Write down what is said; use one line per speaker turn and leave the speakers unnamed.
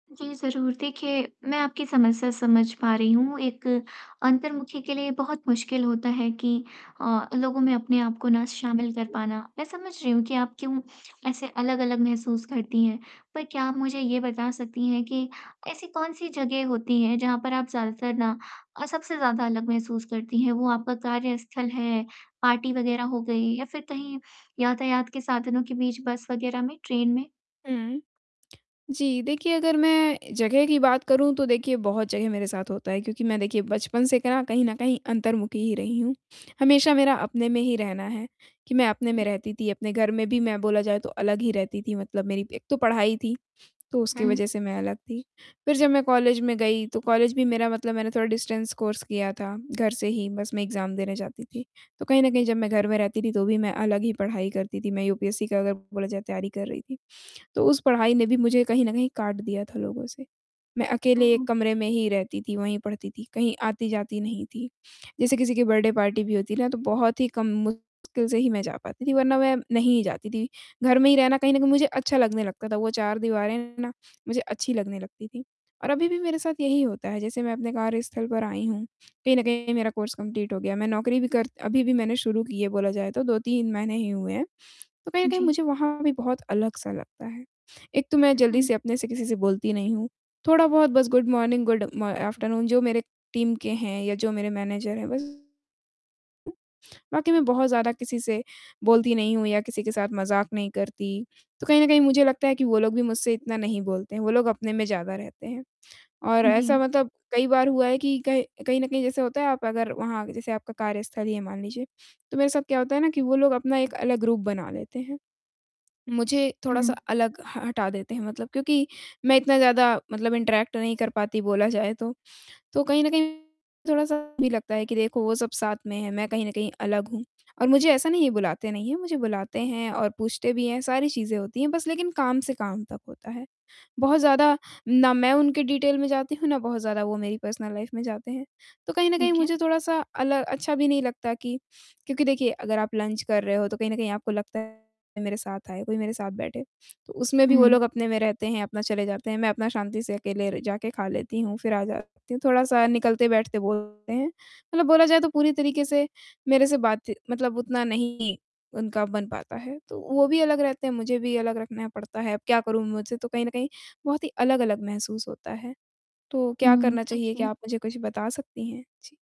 जी, ज़रूर देखिए मैं आपकी समस्या समझ पा रही हूँ, एक अंतर्मुखी के लिए बहुत मुश्किल होता है कि अ, लोगों में अपने आप को ना
हुँ,
शामिल कर
जी।
पाना। मैं समझ रही हूँ कि आप क्यों ऐसे अलग-अलग महसूस करती हैं। पर क्या आप मुझे ये बता सकती हैं कि ऐसी कौन-सी जगह होती हैं जहाँ पर आप ज़्यादातर ना अ, सबसे ज़्यादा अलग महसूस करती हैं? वो आपका कार्यस्थल है, पार्टी वग़ैरह हो गई या फ़िर कहीं यातायात के साधनों के बीच बस वगैरह में, ट्रेन में?
हुँ। जी, देखिए अगर मैं जगह की बात करूँ तो देखिए बहुत जगह मेरे साथ होता है क्योंकि मैं देखिए बचपन से कहें ना कहीं न कहीं अंतर्मुखी ही रही हूँ। हमेशा मेरा अपने में ही रहना है, कि मैं अपने
हुँ।
में रहती थी, अपने घर में भी मैं बोला जाए तो अलग ही रहती थी मतलब मेरी एक तो पढ़ाई थी, तो उसकी
हुँ।
वज़ह से मैं अलग थी। फ़िर जब मैं कॉलेज में गई तो कॉलेज भी मेरा मतलब मैंने थोड़ा डिस्टेंस कोर्स किया था घर से ही, बस मैं एग्ज़ाम देने जाती थी। तो कहीं न कहीं जब मैं घर में रहती थी तो भी मैं अलग ही पढ़ाई करती थी, मैं यूपीएससी का अगर बोला जाए तैयारी कर रही थी, तो उस पढ़ाई ने भी मुझे कहीं न कहीं काट दिया था लोगों से। मैं
हो
अकेले 1
ओ।
कमरे में ही रहती थी, वहीं पढ़ती थी, कहीं आती-जाती नहीं थी। जैसे किसी की बर्थडे पार्टी भी होती है ना तो बहुत ही कम मुश्किल से ही मैं जा पाती थी वरना मैं नहीं ही जाती थी। घर में ही रहना कहीं न कहीं मुझे अच्छा लगने लगता था वो 4 दीवारें ना मुझे अच्छी लगने लगती थी। और अभी भी मेरे साथ यही होता है जैसे मैं अपने कार्यस्थल पर आई हूँ। कहीं न कहीं मेरा कोर्स कंप्लीट हो गया। मैं नौकरी भी कर अभी-अभी मैंने शुरू की है बोला जाए तो 2-3 महीने ही हुए हैं, तो कहीं न कहीं
जी।
मुझे वहाँ भी बहुत अलग-सा लगता है। एक तो मैं
अ,
जल्दी
हुँ।
से अपने से किसी से बोलती नहीं हूँ, थोड़ा-बहुत बस गुड मॉर्निंग गुड म आफ्टरनून जो मेरे टीम के हैं या जो मेरे मैनेजर हैं बस [unintelligible] बाकी मैं बहुत ज़्यादा किसी से बोलती नहीं हूँ या किसी के साथ मज़ाक नहीं करती। तो कहीं न कहीं मुझे लगता है कि वो लोग भी मुझसे इतना नहीं बोलते हैं, वो लोग अपने में ज़्यादा रहते हैं। और ऐसा
जी।
मतलब कई बार हुआ है कि कह कहीं न कहीं जैसे होता है आप अगर वहाँ जैसे आपका कार्यस्थल ही है मान लीजिए, तो मेरे साथ क्या होता है ना कि वो लोग अपना एक अलग ग्रुप बना लेते हैं। मुझे थोड़ा-सा
हुँ।
अलग ह हटा देते हैं मतलब क्योंकि मैं इतना ज़्यादा मतलब इंटरैक्ट नहीं कर पाती बोला जाए तो। तो कहीं न कहीं थोड़ा-सा ये भी लगता है कि देखो वो सब साथ में है, मैं कहीं न कहीं अलग हूँ। और मुझे ऐसा नहीं है बुलाते नहीं हैं, मुझे बुलाते हैं और पूछते भी हैं, सारी चीज़ें होती हैं बस लेकिन काम से काम तक होता है। बहुत ज़्यादा ना मैं उनके डिटेल में जाती हूँ ना बहुत ज़्यादा वो मेरी पर्सनल लाइफ़ में जाते हैं। तो कहीं न कहीं
ठीक है।
मुझे थोड़ा-सा अल अच्छा भी नहीं लगता कि क्योंकि देखिए अगर आप लंच कर रहे हो तो कहीं न कहीं आपको लगता है मेरे साथ आए, कोई मेरे साथ बैठे तो उसमें भी वो
हुँ।
लोग अपने में रहते हैं, अपना चले जाते हैं। मैं अपना शांति से अकेले र जाके खा लेती हूँ फ़िर आ जाती हूँ, थोड़ा-सा निकलते, बैठते बोलते हैं। मतलब बोला जाए तो पूरी तरीके से मेरे से बातची मतलब उतना नहीं उनका बन पाता है, तो वो भी अलग रहते हैं, मुझे भी अलग रखना पड़ता है। अब क्या करूँ मुझे तो कहीं न कहीं बहुत ही अलग-अलग महसूस होता है। तो क्या
हुँ,
करना चाहिए? क्या
देखिए
आप मुझे कुछ बता सकती हैं? जी।